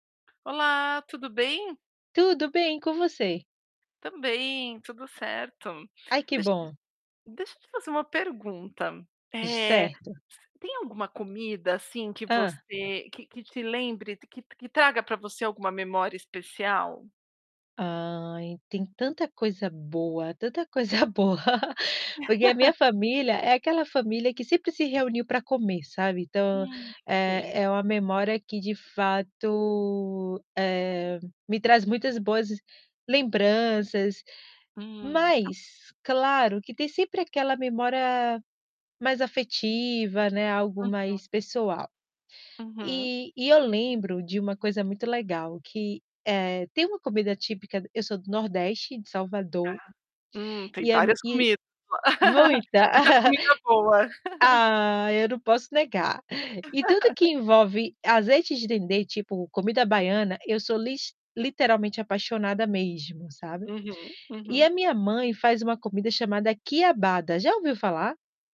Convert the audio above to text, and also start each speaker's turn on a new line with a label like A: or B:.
A: Olá, tudo bem?
B: Tudo bem, e com você?
A: Também, tudo certo.
B: Ai que
A: Deix
B: bom.
A: deixa eu te fazer um pergunta,
B: [unintelligible]
A: eh,
B: Certo.
A: tem alguma comida, assim, que
B: Hã.
A: você que que te lembre que t que traga pra você alguma memória especial?
B: Ai, tem tanta coisa boa, tanta coisa boa. Porque a minha família, é aquela família que sempre se reuniu pra comer, sabe. Então,
A: [unintelligible]
B: eh,
A: Sim.
B: é uma memória que de fato, eh, me traz muitas boas lembranças.
A: Hum.
B: Mas, claro que tem sempre aquela memória mais afetiva, né, algo
A: Uhum.
B: mais pessoal.
A: Uhum.
B: E e eu lembro de uma coisa muito legal que eh, tem uma comida típica d eu sou do nordeste, de
A: Aham.
B: Salvador
A: Hum, tem
B: e é m
A: várias
B: e
A: comida
B: muita.
A: muita comida boa.
B: Ai, eu não posso negar. E tudo que envolve azeite de dendê, tipo, comida baiana, eu sou lis literalmente apaixonada mesmo, sabe.
A: Uhum,
B: E
A: uhum.
B: a minha mãe faz uma comida chamada quiabada, já ouviu falar?